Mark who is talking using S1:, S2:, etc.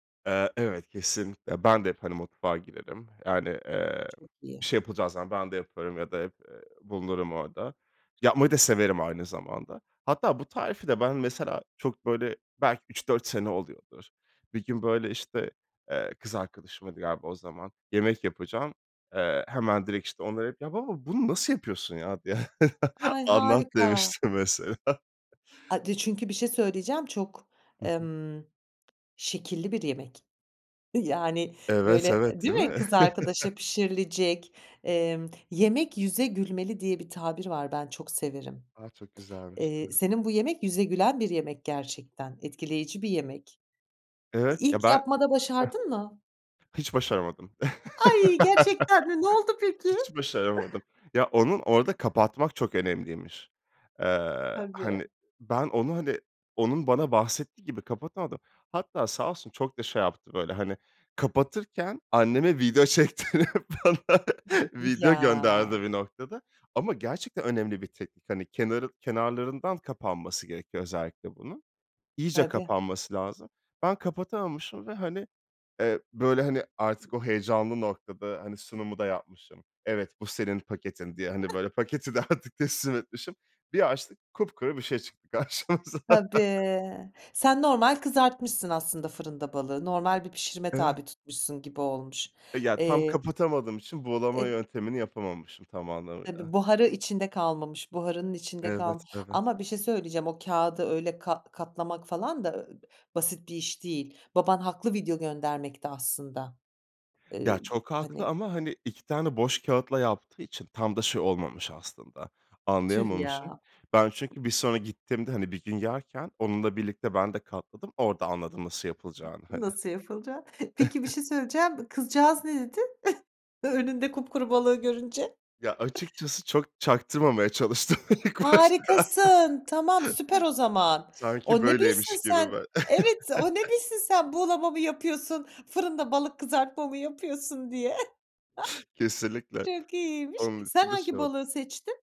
S1: Eee, evet, kesinlikle. Ben de hep, hani, mutfağa girerim. Yani, eee,
S2: Çok iyi.
S1: bir şey yapılacağı zaman ben de yaparım, ya da, hep, eee, bulunurum orada. Yapmayı da severim aynı zamanda. Hatta bu tarifi de ben, mesela, çok böyle, belki 3-4 sene oluyordur. Bir gün, böyle, işte, eee, kız arkadaşıma, diye, galiba o zaman yemek yapacağım. Eee, hemen, direkt, işte, onları arayıp, "Ya baba, bunu nasıl yapıyorsun ya?
S2: Ay,
S1: Anlat."
S2: harika.
S1: demiştim mesela.
S2: Ay, bir de çünkü bir şey söyleyeceğim. Çok,
S1: Hı hı.
S2: emm, şekilli bir yemek. Yani, böyle,
S1: Evet,
S2: eee,
S1: evet,
S2: değil
S1: değil
S2: mi,
S1: mi?
S2: kız arkadaşa pişirilecek. Emm, "Yemek yüze gülmeli." diye bir tabir var, ben çok severim.
S1: A, çok güzelmiş. Hı
S2: Eee,
S1: hı.
S2: senin bu yemek yüze gülen bir yemek gerçekten. Etkileyici bir yemek. Eee,
S1: Evet,
S2: ilk
S1: ya, ben, ha
S2: yapmada
S1: ha.
S2: başardın mı?
S1: Hiç başaramadım.
S2: Ay gerçekten mi! Ne oldu peki?
S1: Hiç başaramadım. Ya, onu orada kapatmak çok önemliymiş. Eee,
S2: Tabii.
S1: hani, ben onu, hani, onun bana bahsettiği gibi kapatamadım. Hatta sağ olsun çok da şey yaptı. Böyle, hani, kapatırken anneme video çektirip bana
S2: M eee,
S1: video gönderdi
S2: ya.
S1: bir noktada ama gerçekten önemli bir teknik. Hani, kenarı kenarlarından kapanması gerekiyor özellikle bunun. İyice
S2: Tabii.
S1: kapanması lazım. Ben kapatamamışım ve, hani, eee, böyle, hani, artık o heyecanlı noktada, hani, sunumu da yapmışım. "Evet, bu senin paketin." diye, hani, böyle paketi de artık teslim etmişim. Bir açtık, kupkuru bir şey çıktı karşımıza.
S2: Tabii, sen normal kızartmışsın aslında fırında balığı, normal bir pişirime
S1: Evet.
S2: tabi tutmuşsun gibi olmuş.
S1: E, ya, tam
S2: Eee,
S1: kapatamadığım için buğulama
S2: eee
S1: yöntemini yapamamışım tam
S2: Tabii
S1: anlamıyla.
S2: buharı içinde kalmamış, buharının içinde kalm
S1: Evet, evet.
S2: ama bir şey söyleyeceğim, o kâğıdı öyle kat katlamak falan da, eee, basit bir iş değil. Baban haklı video göndermekte aslında, eee,
S1: Ya,
S2: b
S1: çok haklı
S2: hani.
S1: ama, hani, 2 tane boş kâğıtla yaptığı için tam da şey olmamış aslında,
S2: Tüh
S1: anlayamamışım.
S2: ya.
S1: Ben çünkü bir sonra gittiğimde, hani, bir gün yerken onunla birlikte ben de katladım, orada anladım nasıl yapılacağını hani.
S2: Nasıl yapılacak? Peki, bir şey söyleyeceğim kızcağız ne dedi ö önünde kupkuru balığı görünce?
S1: Ya, açıkçası çok çaktırmamaya çalıştım ilk başta.
S2: Harikasın! Tamam süper o zaman.
S1: Sanki
S2: O ne bilsin
S1: böyleymiş gibi
S2: sen
S1: mi?
S2: Evet, o ne bilsin sen buğulama mı yapıyorsun, fırında balık kızartma mı yapıyorsun, diye.
S1: Kesinlikle.
S2: Çok iyiymiş.
S1: Onun
S2: Sen
S1: için de
S2: hangi
S1: şey oldu.
S2: balığı seçtin?